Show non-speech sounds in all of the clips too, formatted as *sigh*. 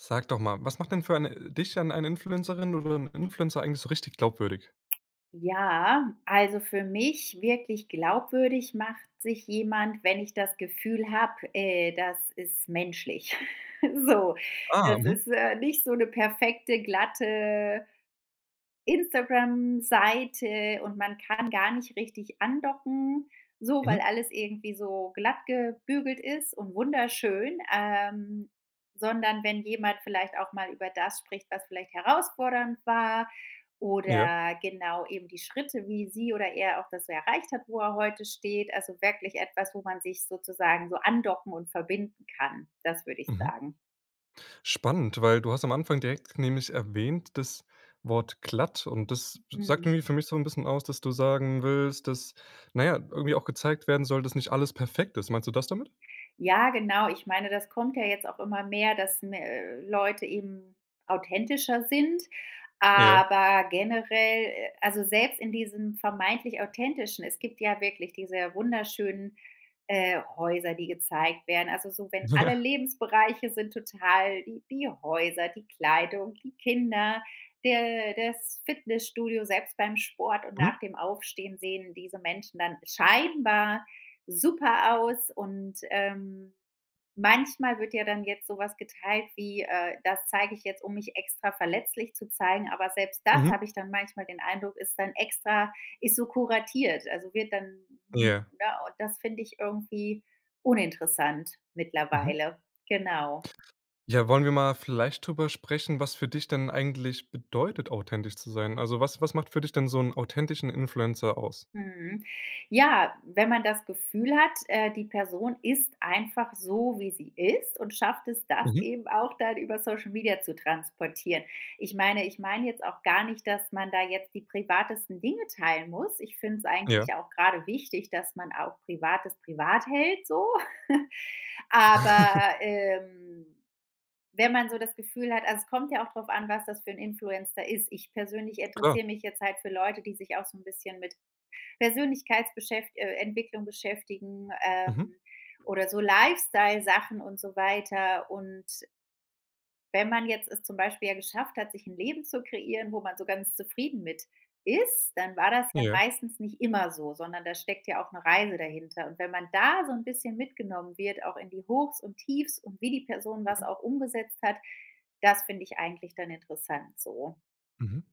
Sag doch mal, was macht denn für eine dich denn eine Influencerin oder 'n Influencer eigentlich so richtig glaubwürdig? Ja, also für mich wirklich glaubwürdig macht sich jemand, wenn ich das Gefühl habe, äh, das ist menschlich. *chuckles* So Ah, das mhm. ist, äh, nicht so 'ne perfekte glatte Instagram-Seite und man kann gar nicht richtig andocken, so weil Mhm. alles irgendwie so glattgebügelt ist und wunderschön ähm, sondern wenn jemand vielleicht auch mal über das spricht, was vielleicht herausfordernd war Ja. oder genau, eben die Schritte, wie sie oder er auch das erreicht hat, wo er heute steht. Also wirklich etwas, wo man sich sozusagen so andocken und verbinden kann. Das würde ich Mhm. sagen. Spannend, weil du hast am Anfang direkt nämlich erwähnt das Wort glatt. Und das sagt Mhm. irgendwie für mich so 'n bisschen aus, dass du sagen willst, dass, na ja, irgendwie auch gezeigt werden soll, dass nicht alles perfekt ist. Meinst du das damit? Ja, genau. Ich meine, das kommt ja jetzt auch immer mehr, dass me äh, Leute eben authentischer sind, Ja. aber generell äh, also selbst in diesem vermeintlich authentischen es gibt ja wirklich diese wunderschönen, äh, Häuser, die gezeigt werden, also so, wenn alle Ja. Lebensbereiche sind total die die Häuser, die Kleidung, die Kinder, der das Fitnessstudio, selbst beim Sport und nach Mhm. dem Aufstehen sehen diese Menschen dann scheinbar super aus und, ähm, manchmal wird ja dann jetzt sowas geteilt wie, äh: „Das zeige ich jetzt, um mich extra verletzlich zu zeigen“, aber selbst das Mhm. habe ich dann manchmal den Eindruck, ist dann extra ist so kuratiert. Also wird dann Ja. ne, und das finde ich irgendwie uninteressant Mhm. mittlerweile. Genau. Ja. Wollen wir mal vielleicht darüber sprechen, was für dich denn eigentlich bedeutet, authentisch zu sein? Also, was was macht für dich denn so 'n authentischen Influencer aus? Mhm. Ja, wenn man das Gefühl hat, äh, die Person ist einfach so, wie sie ist und schafft es, das Mhm. eben auch dann über Social Media zu transportieren. Ich meine ich meine jetzt auch gar nicht, dass man da jetzt die privatesten Dinge teilen muss. Ich finde es Ja. eigentlich auch gerade wichtig, dass man auch Privates privat hält so. *chuckles* *giggles* Aber, ähm, wenn man so das Gefühl hat also es kommt ja auch drauf an, was das für 'n Influencer ist. Ich persönlich Klar. interessiere mich jetzt halt für Leute, die sich auch so 'n bisschen mit Persönlichkeitsbeschäf äh, Entwicklung beschäftigen, ähm, Mhm. oder so Lifestyle-Sachen und so weiter und Wenn man jetzt es zum Beispiel ja geschafft hat, sich 'n Leben zu kreieren, wo man so ganz zufrieden mit ist, dann war das ja Ja. meistens nicht immer so, sondern da steckt ja auch 'ne Reise dahinter. Und wenn man da so 'n bisschen mitgenommen wird, auch in die Hochs und Tiefs und wie die Person das Mhm. auch umgesetzt hat, das finde ich eigentlich dann interessant so. Mhm.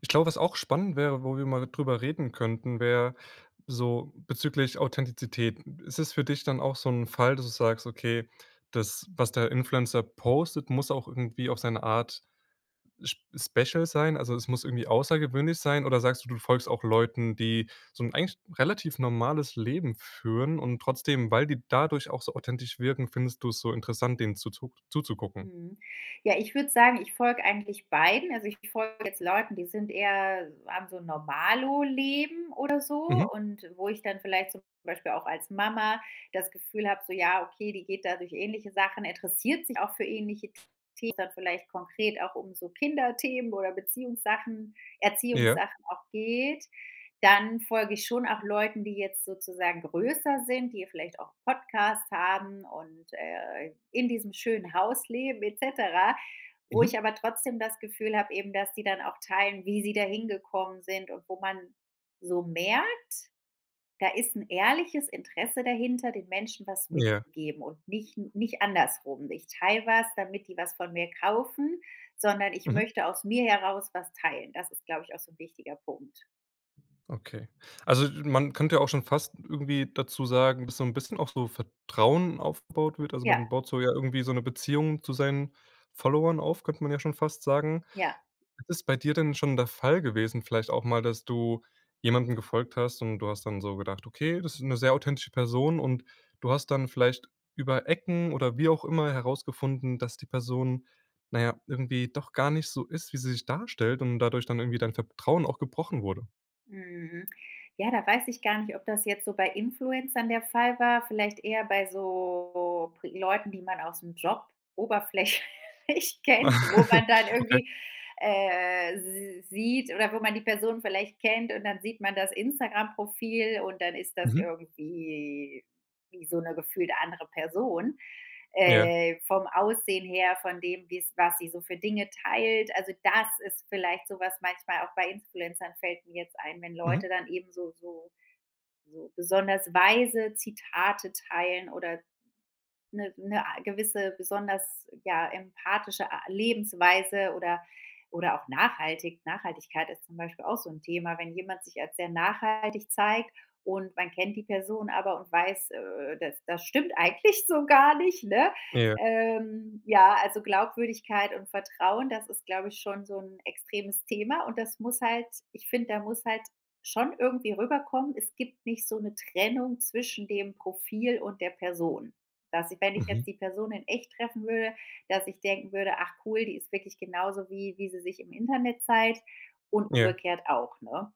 Ich glaube, was auch spannend wäre, wo wir mal drüber reden könnten, wäre so bezüglich Authentizität. Ist es für dich dann auch so 'n Fall, dass du sagst, okay, das, was der Influencer postet, muss auch irgendwie auf seine Art sp special sein, also, es muss irgendwie außergewöhnlich sein? Oder sagst du, du folgst auch Leuten, die so 'n eigentlich relativ normales Leben führen und trotzdem, weil die dadurch auch so authentisch wirken, findest du's so interessant, denen zuzuck zuzugucken? Mhm. Ja, ich würde sagen, ich folge eigentlich beiden, also ich folge jetzt Leuten, die sind eher haben so 'n Normalo-Leben oder Mhm. so und wo ich dann vielleicht zum Beispiel auch als Mama das Gefühl habe, so ja, okay, die geht da durch ähnliche Sachen, interessiert sich auch für ähnliche Themen, wo's dann vielleicht konkret auch um so Kinderthemen oder Beziehungssachen Ja. Erziehungssachen auch geht, dann folge ich schon auch Leuten, die jetzt sozusagen größer sind, die vielleicht auch Podcasts haben und, äh, in diesem schönen Haus leben et cetera, wo ich Mhm. aber trotzdem das Gefühl habe eben, dass die dann auch teilen, wie sie da hingekommen sind, und wo man so merkt, da ist 'n ehrliches Interesse dahinter, den Menschen was Ja. mitzugeben und nicht nicht andersrum: „Ich teile was, damit die was von mir kaufen, sondern ich Mhm. möchte aus mir heraus was teilen.” Das ist, glaube ich, auch so 'n wichtiger Punkt. Okay, also, du man könnte ja auch schon fast irgendwie dazu sagen, dass so 'n bisschen auch so Vertrauen aufgebaut wird. Also, man Ja. baut so ja irgendwie so 'ne Beziehung zu seinen Followern auf, könnte man ja schon fast sagen. Ja. ist bei dir denn schon der Fall gewesen vielleicht auch mal, dass du jemandem gefolgt hast und du hast dann so gedacht: „Okay, das ist 'ne sehr authentische Person“, und du hast dann vielleicht über Ecken oder wie auch immer herausgefunden, dass die Person, na ja, irgendwie doch gar nicht so ist, wie sie sich darstellt und dadurch dann irgendwie dein Vertrauen auch gebrochen wurde? Mhm. Ja, da weiß ich gar nicht, ob das jetzt so bei Influencern der Fall war, vielleicht eher bei so Pri Leuten, die man aus’m Job oberflächlich kennt, wo *laughs* man dann Okay. irgendwie, äh s sieht, oder wo man die Person vielleicht kennt, und dann sieht man das Instagram-Profil, und dann ist das Mhm. irgendwie wie so 'ne gefühlte andere Person, Ja. äh, vom Aussehen her, von dem, wie's was sie so für Dinge teilt. Also, das ist vielleicht so was manchmal auch bei Influencern fällt mir jetzt ein, wenn Mhm. Leute dann eben so so so besonders weise Zitate teilen oder 'ne 'ne a gewisse besonders, ja, empathische a Lebensweise oder oder auch nachhaltig Nachhaltigkeit ist zum Beispiel auch so 'n Thema, wenn jemand sich als sehr nachhaltig zeigt und man kennt die Person aber und weiß, äh, das das stimmt eigentlich so gar nicht, ne? Ja. Ähm, ja, also Glaubwürdigkeit und Vertrauen, das ist, glaube ich, schon so 'n extremes Thema, und das muss halt ich finde, da muss halt schon irgendwie rüberkommen: „Es gibt nicht so 'ne Trennung zwischen dem Profil und der Person.“ Dass ich, wenn ich Mhm. jetzt die Person in Echt treffen würde dass ich denken würde: „Ach, cool, die ist wirklich genauso wie wie sie sich im Internet zeigt“ und Ja. umgekehrt auch, ne?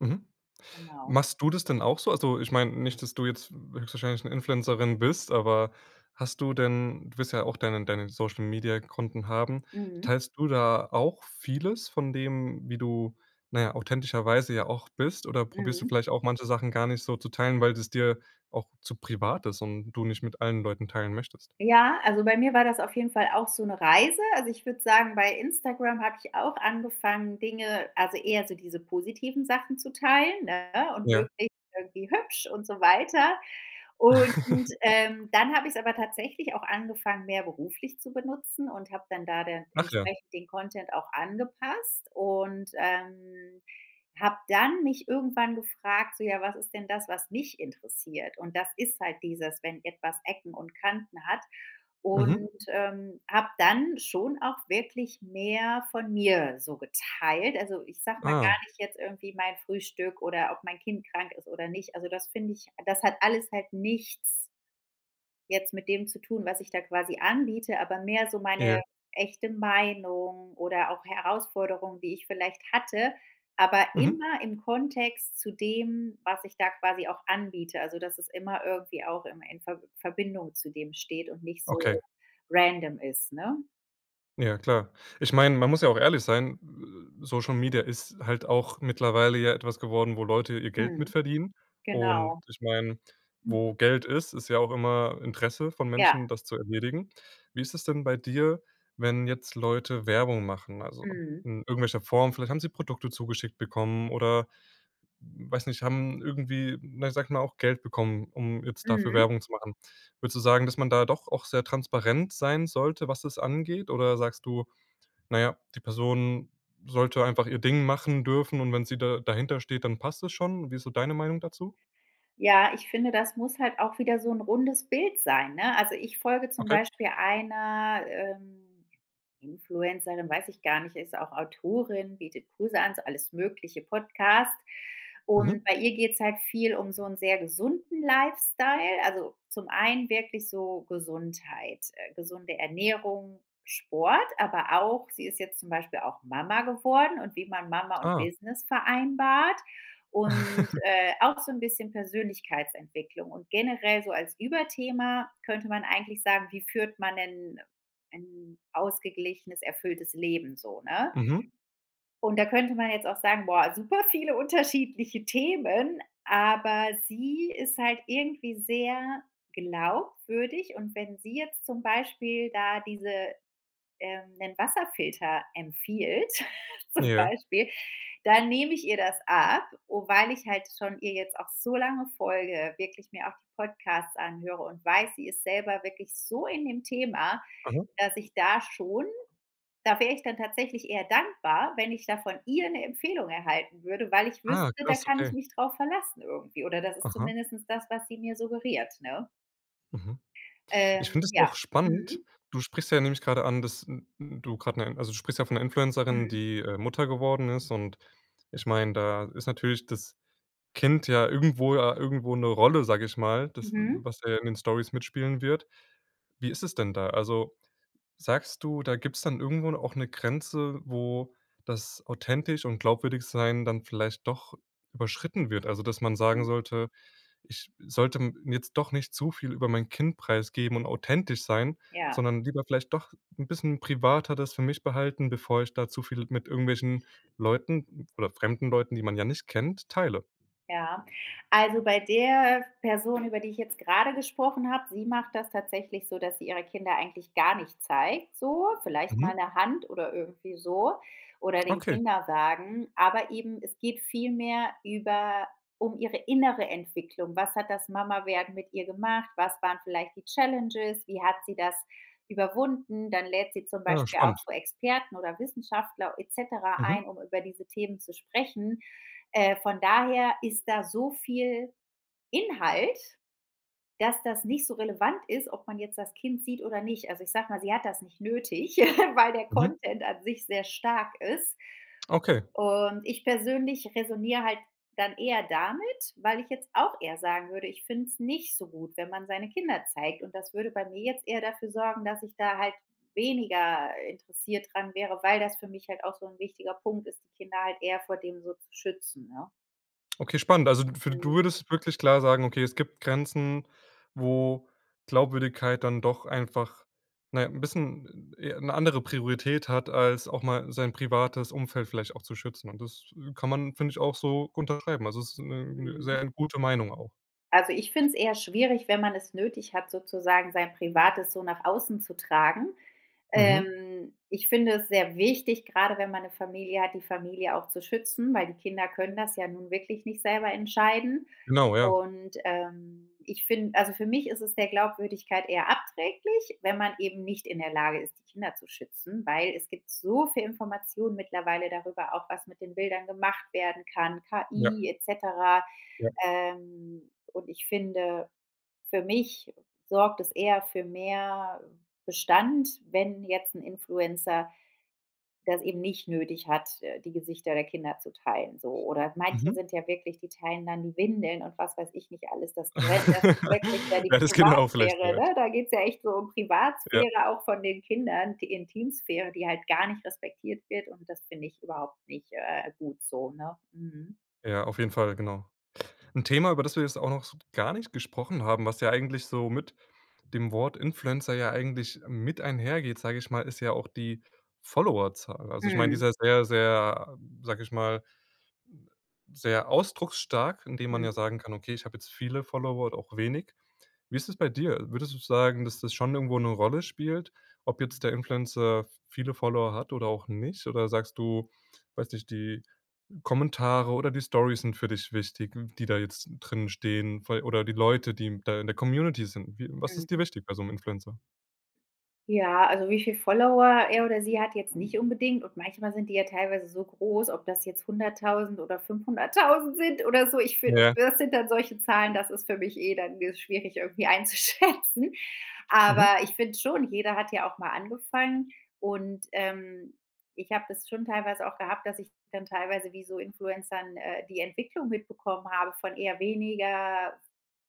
Mhm. Genau. Machst du das denn auch so? Also, ich meine, nicht, dass du jetzt höchstwahrscheinlich 'ne Influencerin bist. Aber hast du denn du wirst ja auch deine deine Social-Media-Konten haben. Mhm. Teilst du da auch vieles von dem, wie du, na ja, authentischerweise ja auch bist? Oder probierst du Mhm. vielleicht auch manche Sachen gar nicht so zu teilen, weil es dir auch zu privat ist und du nicht mit allen Leuten teilen möchtest? Ja, also bei mir war das auf jeden Fall auch so 'ne Reise, also, ich würde sagen, bei Instagram habe ich auch angefangen, Dinge also, eher so diese positiven Sachen zu teilen, ne? Und Ja. möglichst irgendwie hübsch und so weiter. Und, ähm, *giggles* dann habe ich's aber tatsächlich auch angefangen, mehr beruflich zu benutzen und habe dann da denn Ach ja. entsprechend den Content auch angepasst und, ähm, habe dann mich irgendwann gefragt, so: „Ja, was ist denn das, was mich interessiert?“ Und das ist halt dieses, wenn etwas Ecken und Kanten hat, Mhm. und, ähm, habe dann schon auch wirklich mehr von mir so geteilt. Also, ich sage mal Ah. gar nicht jetzt irgendwie mein Frühstück oder ob mein Kind krank ist oder nicht. Also, das finde ich das hat alles halt nichts jetzt mit dem zu tun, was ich da quasi anbiete, aber mehr so Ja. meine echte Meinung oder auch Herausforderung, die ich vielleicht hatte, aber Mhm. immer im Kontext zu dem, was ich da quasi auch anbiete, also, dass es immer irgendwie auch immer in Verb Verbindung zu dem steht und nicht Okay. so random ist, ne? Ja, klar. Ich meine, man muss ja auch ehrlich sein, äh, Social Media ist halt auch mittlerweile ja etwas geworden, wo Leute ihr Geld mit Mhm. verdienen und Genau. ich meine, Hm. wo Geld ist, ist ja auch immer Interesse von Ja. Menschen, das zu erledigen. Wie ist es denn bei dir, wenn jetzt Leute Werbung machen? Also, Mhm. in irgendwelcher Form? Vielleicht haben sie Produkte zugeschickt bekommen, oder m weiß nicht, haben irgendwie, ne, sage ich mal auch Geld bekommen, um jetzt dafür Mhm. Werbung zu machen. Würdest du sagen, dass man da doch auch sehr transparent sein sollte, was das angeht? Oder sagst du: „Na ja, die Person sollte einfach ihr Ding machen dürfen und wenn sie da dahinter steht, dann passt das schon.“ Wie ist so deine Meinung dazu? Ja, ich finde, das muss halt auch wieder so 'n rundes Bild sein, ne? Also, ich folge zum Okay. Beispiel einer, ähm, Influencerin, weiß ich gar nicht, ist auch Autorin, bietet Kurse an, so alles mögliche Podcast und Mhm. bei ihr geht's halt viel um so 'n sehr gesunden Lifestyle, also, zum einen wirklich so Gesundheit äh, gesunde Ernährung, Sport, aber auch sie ist jetzt zum Beispiel auch Mama geworden und wie man Mama und Ah. Business vereinbart und, *chuckles* äh, auch so 'n bisschen Persönlichkeitsentwicklung und generell so als Überthema könnte man eigentlich sagen, wie führt man 'nen ein ausgeglichenes erfülltes Leben so, ne? Mhm. Und da könnte man jetzt auch sagen: „Boah, super viele unterschiedliche Themen,“ aber sie ist halt irgendwie sehr glaubwürdig und wenn sie jetzt zum Beispiel da diese ähm 'nen Wasserfilter empfiehlt, *chuckles* zum Ja. Beispiel, dann nehme ich ihr das ab o weil ich halt schon ihr jetzt auch so lange folge, wirklich mir auch die Podcasts anhöre und weiß, sie ist selber wirklich so in dem Thema, Mhm. dass ich da schon da wäre ich dann tatsächlich eher dankbar, wenn ich da von ihr 'ne Empfehlung erhalten würde, weil ich Ah, wüsste, da krass, kann ich okay. mich drauf verlassen irgendwie, oder das ist Aha. zumindest das, was sie mir suggeriert, ne? Mhm. Ich finde Ähm, es ja, auch spannend. mhm. Du sprichst ja, nehme ich gerade an, dass n n du gerade 'ne also, du sprichst ja von Influencerin, Mhm. die, äh, Mutter geworden ist, und ich meine, da ist natürlich das Kind ja irgendwo ja irgendwo 'ne Rolle, sage ich mal, das Mhm. was da ja in den Stories mitspielen wird. Wie ist es denn da? Also, sagst du, da gibt's dann irgendwo da auch 'ne Grenze, wo das authentisch und glaubwürdig sein dann vielleicht doch überschritten wird? Also, dass man sagen Hm. sollte: „Ich sollte m jetzt doch nicht zu viel über mein Kind preisgeben und authentisch sein, Ja. sondern lieber vielleicht doch 'n bisschen privater das für mich behalten, bevor ich da zu viel mit irgendwelchen Leuten oder fremden Leuten, die man ja nicht kennt, teile.“ Ja. Also, bei der Person, über die ich jetzt gerade gesprochen habe, sie macht das tatsächlich so, dass sie ihre Kinder eigentlich gar nicht zeigt, so, vielleicht mal Mhm. 'ne Hand oder irgendwie so oder den Okay. Kinderwagen, aber eben es geht vielmehr über um ihre innere Entwicklung. Was hat das Mama werden mit ihr gemacht? Was waren vielleicht die Challenges, wie hat sie das überwunden? Dann lädt sie zum Ah, Beispiel auch spannend. so Experten oder Wissenschaftler et cetera Mhm. ein, um über diese Themen zu sprechen. Äh, von daher ist da so viel Inhalt, dass das nicht so relevant ist, ob man jetzt das Kind sieht oder nicht. Also, ich sage mal, sie hat das nicht nötig, *chuckles* weil der Mhm. Content an sich sehr stark ist. Okay. Und ich persönlich resoniere halt dann eher damit, weil ich jetzt auch eher sagen würde, ich finde es nicht so gut, wenn man seine Kinder zeigt, und das würde bei mir jetzt eher dafür sorgen, dass ich da halt weniger interessiert daran wäre, weil das für mich halt auch so 'n wichtiger Punkt ist, die Kinder halt eher vor dem so zu schützen, ne? Okay, spannend. Also, d f du Mhm. würdest wirklich klar sagen: „Okay, es gibt Grenzen, wo Glaubwürdigkeit dann doch einfach, na ja, 'n bisschen, äh, e 'ne andere Priorität hat, als auch mal sein privates Umfeld vielleicht auch zu schützen.“ Und das kann man, finde ich auch so unterschreiben. Also, es ist 'ne 'ne Mhm. sehr gute Meinung auch. Also, ich finde es eher schwierig, wenn man es nötig hat, sozusagen sein Privates so nach außen zu tragen. Mhm. Ähm, ich finde es sehr wichtig, grade wenn man 'ne Familie hat, die Familie auch zu schützen, weil die Kinder können das ja nun wirklich nicht selber entscheiden. Genau, ja. Und, ähm, ich find also, für mich ist es der Glaubwürdigkeit eher abträglich, wenn man eben nicht in der Lage ist, die Kinder zu schützen, weil es gibt so viele Informationen mittlerweile darüber, auch was mit den Bildern gemacht werden kann, Ja. KI, et cetera, Ja. ähm, und ich finde für mich sorgt das eher für mehr Bestand, wenn jetzt 'n Influencer das eben nicht nötig hat, äh, die Gesichter der Kinder zu teilen, so. Oder manche Mhm. sind ja wirklich die teilen dann die Windeln und was weiß ich nicht alles. Das gren das ist *chuckles* wirklich, ja, die Ja, das geht ja auch vielleicht Privatsphäre, weit. ne? Da geht's ja echt so um Ja. Privatsphäre auch von den Kindern, die Intimsphäre, die halt gar nicht respektiert wird und das finde ich überhaupt nicht, äh, gut so, ne? Mhm. Ja, auf jeden Fall, genau. 'N Thema, über das wir jetzt auch noch so gar nicht gesprochen haben, was ja eigentlich so mit dem Wort Influencer ja eigentlich mit einhergeht, sage ich mal, ist ja auch die Followerzahl. Also, ich meine, die ist Mhm. ja sehr, sehr, sage ich mal sehr ausdrucksstark, indem man ja Mhm. sagen kann: „Okay, ich habe jetzt viele Follower oder auch wenig.“ Wie ist das bei dir? Würdest du sagen, dass das schon irgendwo 'ne Rolle spielt, ob jetzt der Influencer viele Follower hat oder auch nicht? Oder sagst du, weiß nicht, die Kommentare oder die Stories sind für dich wichtig, m die da jetzt drin stehen vei oder die Leute, die da in der Community sind. Wie was ist dir Mhm. wichtig bei so 'nem Influencer? Ja, also, wie viele Follower er oder sie hat jetzt nicht unbedingt und manchmal sind die ja teilweise so groß, ob das jetzt 100.000 oder 500.000 sind oder so. Ich finde, Ja. das sind dann solche Zahlen das ist für mich eh dann, äh, schwierig irgendwie einzuschätzen. Aber Mhm. ich finde schon, jeder hat ja auch mal angefangen und, ähm, ich habe das schon teilweise auch gehabt, dass ich dann teilweise wie so Influencern, äh, die Entwicklung mitbekommen habe, von eher weniger f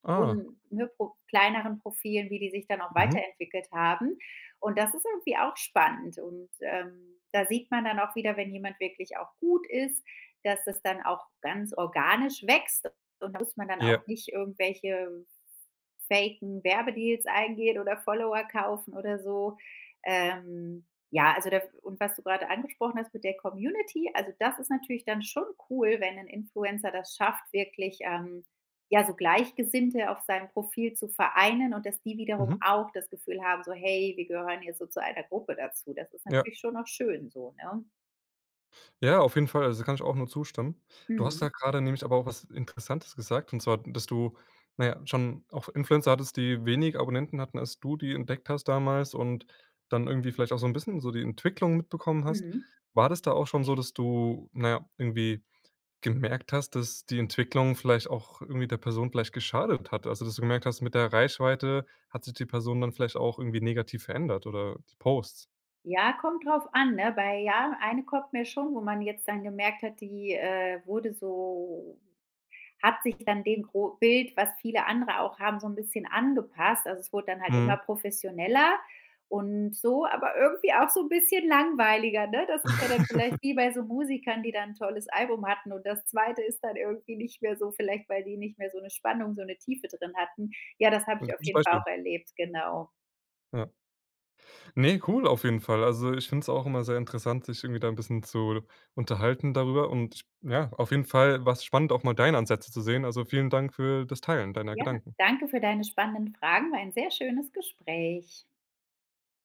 Ah. un, ne, Pro kleineren Profilen, wie die sich dann auch Mhm. weiterentwickelt haben, und das ist irgendwie auch spannend. Und, ähm, da sieht man dann auch wieder, wenn jemand wirklich auch gut ist, dass das dann auch ganz organisch wächst und da muss man dann Ja. auch nicht irgendwelche faken Werbedeals eingehen oder Follower kaufen oder so. Ähm, ja, also, da w und was du gerade angesprochen hast mit der Community, also, das ist natürlich dann schon cool, wenn 'n Influencer das schafft, wirklich, ähm, ja, so Gleichgesinnte auf seinem Profil zu vereinen und dass die wiederum Mhm. auch das Gefühl haben, so: „Hey, wir gehören jetzt so zu einer Gruppe dazu.“ Das ist Ja. natürlich schon auch schön so, ne? Ja, auf jeden Fall. Also, da kann ich auch nur zustimmen. Du hast Mhm. da grade nämlich aber auch was Interessantes gesagt. Und zwar, dass du, na ja, schon auch F Influencer hattest, die wenig Abonnenten hatten, als du die entdeckt hast damals, und dann irgendwie vielleicht auch so 'n bisschen so die Entwicklung mitbekommen hast. Mhm. War das da auch schon so, dass du, na ja, irgendwie gemerkt hast, dass die Entwicklung vielleicht auch irgendwie der Person vielleicht geschadet hat? Also, dass du gemerkt hast: „Mit der Reichweite hat sich die Person dann vielleicht auch irgendwie negativ verändert, oder die Posts.“? Ja, kommt drauf an, ne, weil, ja, eine kommt mir schon, wo man jetzt dann gemerkt hat, die, äh, wurde so hat sich dann dem gro Bild, was viele andere auch haben, so 'n bisschen angepasst. Also, es wurde dann halt immer Mhm. professioneller und so, aber irgendwie auch so 'n bisschen langweiliger, ne? Das ist ja dann vielleicht *chuckles* wie bei so Musikern, die da 'n tolles Album hatten und das 2. ist dann irgendwie nicht mehr so, vielleicht weil die nicht mehr so 'ne Spannung, so 'ne Tiefe drin hatten. Ja, das habe Ein ich auf gutes jeden Fall Beispiel. auch erlebt, genau. Ja. Ne, cool, auf jeden Fall. Also, ich finde es auch immer sehr interessant, sich irgendwie da 'n bisschen zu l unterhalten darüber und ja, auf jeden Fall war's spannend, auch mal deine Ansätze zu sehen. Also, vielen Dank für das Teilen deiner Ja, Gedanken. danke für deine spannenden Fragen, war ein sehr schönes Gespräch.